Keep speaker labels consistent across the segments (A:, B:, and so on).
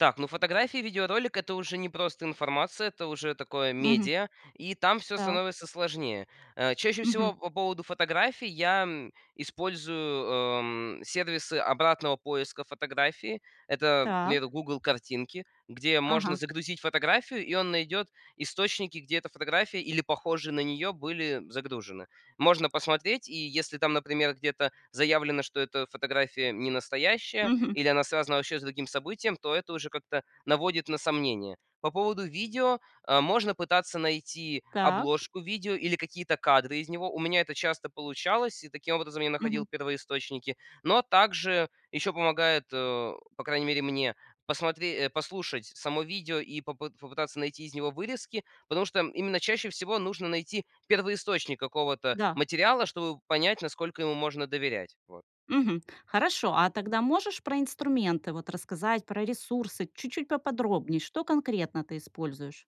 A: Так, ну, фотографии, видеоролик- это уже не просто информация, это уже такое
B: Мгм.
A: медиа. И там всё
B: Так.
A: становится сложнее. Э, чаще
B: Мгм.
A: всего, по поводу фотографий я, м, использую, эм, сервисы обратного поиска фотографии. Это,
B: Так.
A: например, "Гугл Картинки", где можно
B: Ага.
A: загрузить фотографию, и он найдет источники, где эта фотография, или похожие на нее, были загружены. Можно посмотреть. И если там, например, где-то заявлено, что эта фотография ненастоящая
B: Мгм.
A: или она связана вообще с другим событием, то это уже как-то наводит на сомнение. По поводу видео, э, можно пытаться найти
B: Так.
A: обложку видео или какие-то кадры из него. У меня это часто получалось, и таким образом я
B: Мгм.
A: находил первоисточники. Но также еще помогает, э, по крайней мере, мне, посмотре э, послушать само видео и попы попытаться найти из него вырезки, потому что именно чаще всего нужно найти первоисточник какого-то
B: Да.
A: материала, чтобы понять, насколько ему можно доверять. Вот.
B: Мгм. Хорошо. А тогда можешь про инструменты вот рассказать, про ресурсы чуть-чуть поподробнее, что конкретно ты используешь?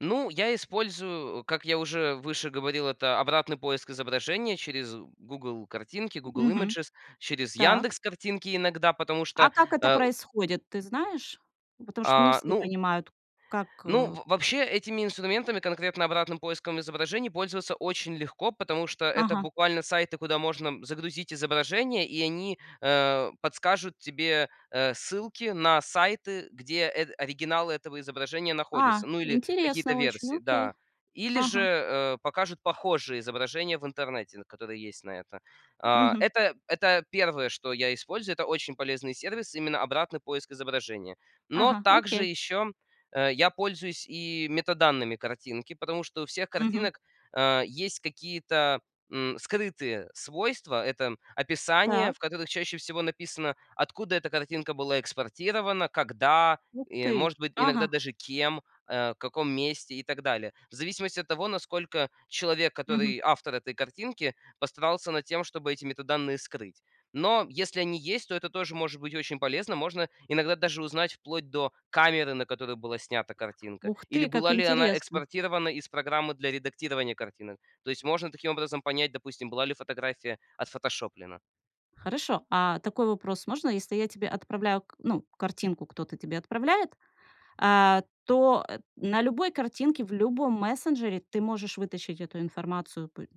A: Ну, я использую, как я уже выше говорил, это обратный поиск изображения через "Гугл Картинки", Google
B: Мгм.
A: Images, через
B: Так.
A: "Яндекс Картинки" иногда, потому
B: А
A: что,
B: как это
A: э
B: происходит, ты знаешь? Потому что не
A: А,
B: все
A: ну
B: понимают, как,
A: ну,
B: э
A: в вообще этими инструментами, конкретно обратным поиском изображений, пользоваться очень легко, потому что это
B: Ага.
A: буквально сайты, куда можно загрузить изображения, и они, э, подскажут тебе, э, ссылки на сайты, где, эт оригиналы этого изображения
B: А,
A: находится. Ну, или какие-то
B: интересно очень.
A: версии,
B: Окей.
A: да. Или же,
B: Ага.
A: э, покажут похожие изображения в интернете, н которые есть на это. А,
B: Мгм.
A: это это 1, что я использую. Это очень полезный сервис, именно обратный поиск изображения. Но
B: Ага,
A: также
B: окей.
A: еще, э, я пользуюсь и метаданными картинки, потому что у всех
B: Мгм.
A: картинок, э, есть какие-то, м, скрытые свойства. Это описание,
B: Так.
A: в которых чаще всего написано, откуда эта картинка была экспортирована, когда
B: Ух
A: и,
B: ты.
A: может быть, иногда
B: Ага.
A: даже кем, э, в каком месте и так далее. В зависимости от того, насколько человек,
B: Мгм.
A: который автор этой картинки, постарался над тем, чтобы эти метаданные скрыть. Но если они есть, то это тоже может быть очень полезно. Можно иногда даже узнать вплоть до камеры, на которую была снята картинка
B: Ух
A: или
B: ты, как
A: была ли она
B: интересно!
A: экспортирована из программы для редактирования картинок. То есть можно
B: .
A: таким образом понять, допустим, была ли фотография отфотошоплена.
B: Хорошо. А такой вопрос можно, если я тебе отправляю к ну, картинку кто-то тебе отправляет, а, то, э, на любой картинке, в любом мессенджере ты можешь вытащить эту информацию? Пы